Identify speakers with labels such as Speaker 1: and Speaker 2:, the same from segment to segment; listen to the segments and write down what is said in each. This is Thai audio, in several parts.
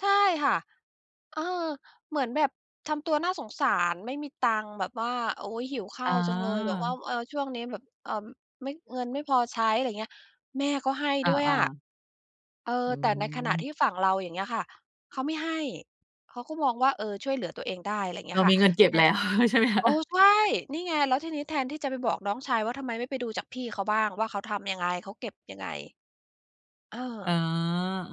Speaker 1: ใช่ค่ะ เออ เหมือนแบบทำตัวน่าสงสาร ไม่มีตังค์แบบว่า โอ๊ย หิวข้า
Speaker 2: อ
Speaker 1: วจังเลย แบบว่า
Speaker 2: า
Speaker 1: เออ ช่วงนี้แบบ เอ่อ ไม่ เงินไม่พอใช้ อะไรเงี้ย แม่ก็ให้
Speaker 2: อ
Speaker 1: ด้วย
Speaker 2: า
Speaker 1: อะ
Speaker 2: ๆ
Speaker 1: เออ
Speaker 2: อื
Speaker 1: แต่ในขณะที
Speaker 2: ม
Speaker 1: ่ฝั่งเรา อย่างเงี้ยค่ะ เขาไม่ให้ เขาก็มองว่า เออ ช่วยเหลือตัวเองได้ ไรเง
Speaker 2: เ
Speaker 1: ี
Speaker 2: ร
Speaker 1: ้
Speaker 2: า
Speaker 1: ยค
Speaker 2: ม
Speaker 1: ่ะ
Speaker 2: ีเงินเก็บ
Speaker 1: เนี่
Speaker 2: แ
Speaker 1: ย
Speaker 2: ล้วใช่ไหมค
Speaker 1: เ
Speaker 2: ะ?
Speaker 1: ออ ใช่ นี่ไง แล้วทีนี้แทนที่จะไปบอกน้องชายว่า ทำไมไม่ไปดูจากพี่เขาบ้างว่า เขาทำยังไง เขาเก็บยังไง? เอ
Speaker 2: อ๋
Speaker 1: อ
Speaker 2: อ เอ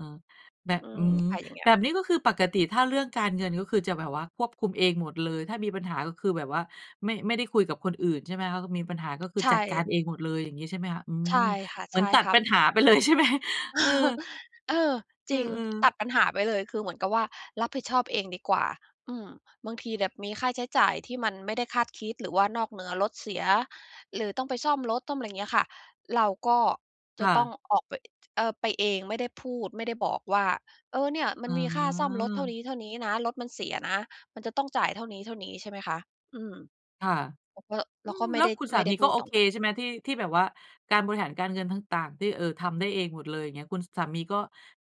Speaker 2: อ ๆ ๆ แบบ
Speaker 1: อื
Speaker 2: อื
Speaker 1: ม
Speaker 2: ม
Speaker 1: ไปอย่างเงี้
Speaker 2: แ
Speaker 1: ย
Speaker 2: บบนี้ก็คือปกติ ถ้าเรื่องการเงิน ก็คือจะแบบว่าควบคุมเองหมดเลย ถ้ามีปัญหาก็คือแบบว่า ไม่ ไม่ได้คุยกับคนอื่น ใช่ไหมคะ? มีปัญหาก็คือ
Speaker 1: ใช
Speaker 2: จัดการ
Speaker 1: ่
Speaker 2: เองหมดเลยอย่างงี้ ใช่ไหมคะ? อื
Speaker 1: ใช
Speaker 2: ม
Speaker 1: ่ค่ะ
Speaker 2: เหม
Speaker 1: ใ
Speaker 2: ื
Speaker 1: ช
Speaker 2: อน
Speaker 1: ่
Speaker 2: ตัด
Speaker 1: ครั
Speaker 2: ป
Speaker 1: บ
Speaker 2: ัญหา ไปเลย ใช่ไหม? เออ
Speaker 1: เออ
Speaker 2: เ
Speaker 1: จริง
Speaker 2: ออ
Speaker 1: ต
Speaker 2: ๆ
Speaker 1: ัดปัญหาไปเลย คือเหมือนกับว่า รับผิดชอบเองดีกว่า อืม บางทีแบบมีค่าใช้จ่ายที่มันไม่ได้คาดคิด หรือว่านอกเหนือ รถเสีย หรือต้องไปซ่อมรถ ซ่อมไรเงี้ยค่ะ เราก็
Speaker 2: ค
Speaker 1: จะ
Speaker 2: ่
Speaker 1: ต้อ
Speaker 2: ะ
Speaker 1: งออกไป เอ่อ ไปเอง ไม่ได้พูด ไม่ได้บอกว่า เออ เนี่ยมั
Speaker 2: อ
Speaker 1: น
Speaker 2: ๋
Speaker 1: มีค่าซ่อมรถเท่า
Speaker 2: อ
Speaker 1: นี้ ๆ นะ รถมันเสียนะ มันจะต้องจ่ายเท่านี้ ๆ ใช่ไหมคะ? อืม
Speaker 2: ค่ะ
Speaker 1: เราก็
Speaker 2: อ
Speaker 1: เร
Speaker 2: ื
Speaker 1: าก
Speaker 2: ม
Speaker 1: ็ไม
Speaker 2: แ
Speaker 1: ่
Speaker 2: ล้
Speaker 1: ไ
Speaker 2: ว
Speaker 1: ด้
Speaker 2: คุณส
Speaker 1: ไ
Speaker 2: า
Speaker 1: ม่ไ
Speaker 2: ม
Speaker 1: ด้
Speaker 2: ี
Speaker 1: พ
Speaker 2: ก
Speaker 1: ู
Speaker 2: ็
Speaker 1: ด
Speaker 2: โอ
Speaker 1: ตร
Speaker 2: เ
Speaker 1: ง
Speaker 2: ค
Speaker 1: นั้น
Speaker 2: ใช่ไหม? ที่ ที่แบบว่าการบริหารการเงินต่าง ๆ ที่ เออ ทำได้เองหมดเลย เงี้ย คุณสามีก็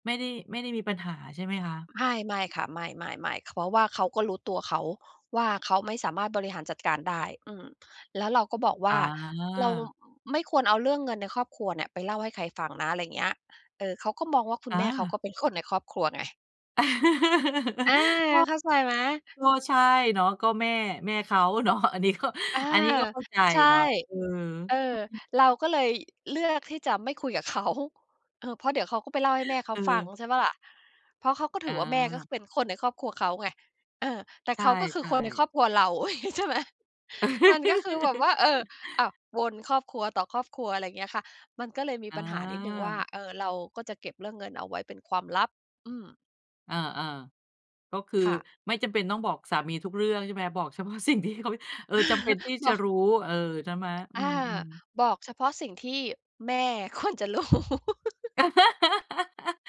Speaker 2: ไม่ได้ ไม่ได้มีปัญหา ใช่ไหมคะ?
Speaker 1: ไม่ ไม่ค่ะ ไม่ ๆ ๆ เพราะว่าเขาก็รู้ตัวเขาว่า เขาไม่สามารถบริหารจัดการได้ อืม แล้วเราก็บอกว
Speaker 2: อ
Speaker 1: ่า เรา
Speaker 2: า
Speaker 1: ไม่ควรเอาเรื่องเงินในครอบครัวเนี่ยไปเล่าให้ใครฟังนะ ไรเงี้ย เออ เขาก็มองว่าคุ
Speaker 2: อ
Speaker 1: ณแม่เขา
Speaker 2: า
Speaker 1: ก็เป็นคนในครอบครัวไง อา
Speaker 2: ก็
Speaker 1: เข้าใจไหม?
Speaker 2: ก็ใช่เนาะ ก็แม่ แม่เขาเนาะ อันนี้ก็
Speaker 1: อา
Speaker 2: อันนี้ก็เข้าใจ
Speaker 1: ใช่
Speaker 2: เนาะ เออ
Speaker 1: เออ เราก็เลยเลือกที่จะไม่คุยกับเขา เออ เพราะเดี๋ยวเขาก็ไปเล่าให้แม่เขา
Speaker 2: เ
Speaker 1: ฟัง
Speaker 2: ออ
Speaker 1: ใช่เปล่าล่ะ เพราะเขาก็ถ
Speaker 2: อ
Speaker 1: ือว่า แม่ก็คื
Speaker 2: า
Speaker 1: อเป็นคนในครอบครัวเขาไง เออ แต่
Speaker 2: ใช
Speaker 1: เขาก็คือค
Speaker 2: ่
Speaker 1: นในค
Speaker 2: ๆ
Speaker 1: รอบครัวเรา อุ๊ย ใช่ไหม มันก็คือแบบว่า เออ อ้าว วนครอบครัว ต่อครอบครัว อะไรเงี้ยค่ะ มันก็เลยมี
Speaker 2: อ
Speaker 1: ปัญหานิดหนึ่งว่า
Speaker 2: า
Speaker 1: เออ เราก็จะเก็บเรื่องเงินเอาไว้เป็นความลับ อืม
Speaker 2: อา ๆ ก็คือ
Speaker 1: ค่ะ
Speaker 2: ไม่จำเป็นต้องบอกสามีทุกเรื่องใช่ไหมคะ บอก เฉพาะสิ่งที่เขา เออ จำเป็นที่
Speaker 1: บ
Speaker 2: จะ
Speaker 1: อก
Speaker 2: รู้ เออ ใช่ไหม อื
Speaker 1: อา
Speaker 2: ม ๆ
Speaker 1: บอกเฉพาะสิ่งที่แม่ ควรจะรู้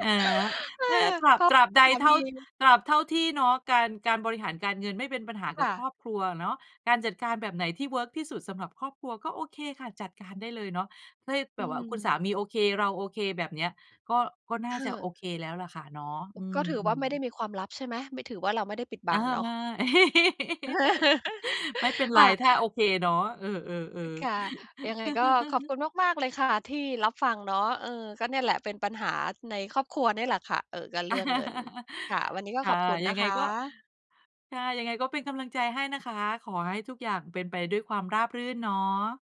Speaker 2: อา
Speaker 1: อา
Speaker 2: แค่ตรา
Speaker 1: เพ
Speaker 2: บ
Speaker 1: ราะ
Speaker 2: ตราบใด
Speaker 1: สา
Speaker 2: เท
Speaker 1: ม
Speaker 2: ่า
Speaker 1: ี
Speaker 2: ตราบเท่าที่เนาะ การ การบริหารการเงินไม่เป็นปัญหาก
Speaker 1: ค
Speaker 2: ับ
Speaker 1: ่
Speaker 2: ค
Speaker 1: ะ
Speaker 2: รอบครัวอะเนาะ การจัดการแบบไหนที่เวิร์กที่สุดสำหรับครอบครัว ก็โอเคค่ะ จัดการได้เลยเนาะ เฮ้ย แบ
Speaker 1: อื
Speaker 2: บว่าคุณสา
Speaker 1: ม
Speaker 2: มีโอเค เราโอเคแบบเนี้ย ก็ ก็น่
Speaker 1: ค
Speaker 2: า
Speaker 1: ่
Speaker 2: จะ
Speaker 1: ะ
Speaker 2: โอเคแล้วล่ะค่ะเนาะ
Speaker 1: โอ
Speaker 2: อ
Speaker 1: ้
Speaker 2: ื
Speaker 1: ก็ถือว่า
Speaker 2: ม
Speaker 1: ไม่ได้
Speaker 2: ๆ
Speaker 1: มีความลับ ใช่ไหม ไม่ถือว่าเราไม่ได้ปิดบ
Speaker 2: อ
Speaker 1: ั
Speaker 2: า
Speaker 1: งเน
Speaker 2: ม
Speaker 1: าะ
Speaker 2: า ไม่เป็นไ
Speaker 1: ค
Speaker 2: ร
Speaker 1: ่ะ
Speaker 2: ถ้าโอเคเนาะ เออ ๆ
Speaker 1: ค่ะ
Speaker 2: ๆ
Speaker 1: ยังไงก็ขอบคุณมาก ๆ เลยค่ะที่รับฟังเนาะ เออ ก็เนี่ยแหละเป็นปัญหาในครอบครัวเนี่ยแหละค่ะ เอ่อ ก็เรื่องเงินค่ะ วันนี้ก็
Speaker 2: ค
Speaker 1: ข
Speaker 2: ่ะ
Speaker 1: อบคุณ
Speaker 2: ยั
Speaker 1: นะ
Speaker 2: งไง
Speaker 1: ค
Speaker 2: ก็
Speaker 1: ะ
Speaker 2: ค่ะ ยังไงก็เป็นกำลังใจให้นะคะ ขอให้ทุกอย่างเป็นไปด้วยความราบรื่นเนาะ